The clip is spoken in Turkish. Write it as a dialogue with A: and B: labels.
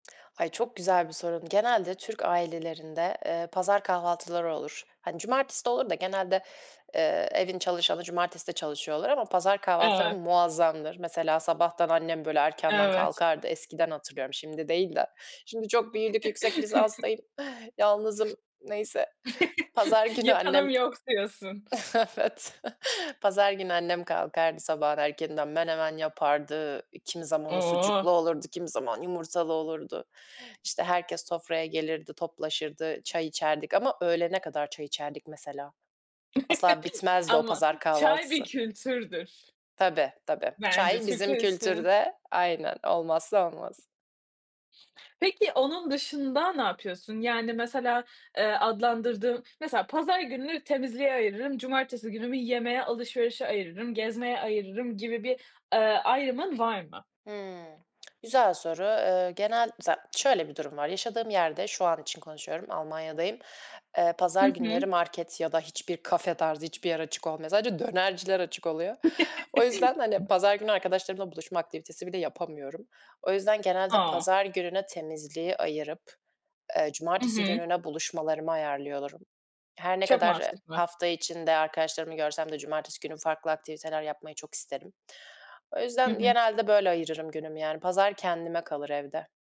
A: Ay çok güzel bir sorun genelde Türk ailelerinde, eee, pazar kahvaltıları olur. Hani, cumartesi de olur da genelde, eee, evin çalışanı cumartesi de çalışıyor olur ama pazar kahvaltıları
B: Evet.
A: muazzamdır. Mesela sabahtan annem, böyle, erkenden
B: Evet.
A: kalkardı. Eskiden hatırlıyorum, şimdi değil de. Şimdi çok büyüdük, yüksek lisanstayım, yalnızım neyse, pazar günü
B: Yapanım
A: annem,
B: yok diyorsun.
A: evet pazar günü annem kalkardı sabahın erkeninden. Menemen yapardı. Eee, kimi zaman o
B: Oh.
A: sucuklu olurdu, kimi zaman yumurtalı olurdu, işte, herkes sofraya gelirdi, toplaşırdı, çay içerdik ama öğlene kadar çay içerdik mesela asla bitmezdi o
B: Ama
A: pazar
B: çay bir
A: kahvaltısı.
B: kültürdür.
A: Tabii, tabii,
B: Bence
A: çay
B: Türkler
A: bizim
B: için.
A: kültürde, aynen olmazsa olmaz.
B: Peki onun dışında ne yapıyorsun yani mesela, eee, adlandırdığın, mesela pazar gününü temizliğe ayırırım cumartesi günümü yemeğe, alışverişe ayırırım, gezmeye ayırırım gibi bir, ııı, ayrımın var mı?
A: Hımm. Güzel soru. Iıı, genel za şöyle bir durum var yaşadığım yerde, şu an için konuşuyorum, Almanya'dayım, eee,
B: Hı
A: pazar günleri
B: hı.
A: market ya da hiçbir kafe tarzı hiçbir yer açık olmuyor. Sadece dönerciler açık oluyor. O yüzden, hani, pazar günü arkadaşlarımla buluşma aktivitesi bile yapamıyorum. O yüzden, genelde
B: A!
A: pazar gününe temizliği ayırıp, eee,
B: Hı
A: cumartesi
B: hı.
A: gününe buluşmalarımı ayarlıyorum. Her ne
B: Çok
A: kadar
B: mantıklı.
A: hafta içinde arkadaşlarımı görsem de cumartesi günü farklı aktiviteler yapmayı çok isterim. O
B: Hı
A: yüzden,
B: hı.
A: genelde, böyle, ayırırım günümü yani, pazar kendime kalır evde.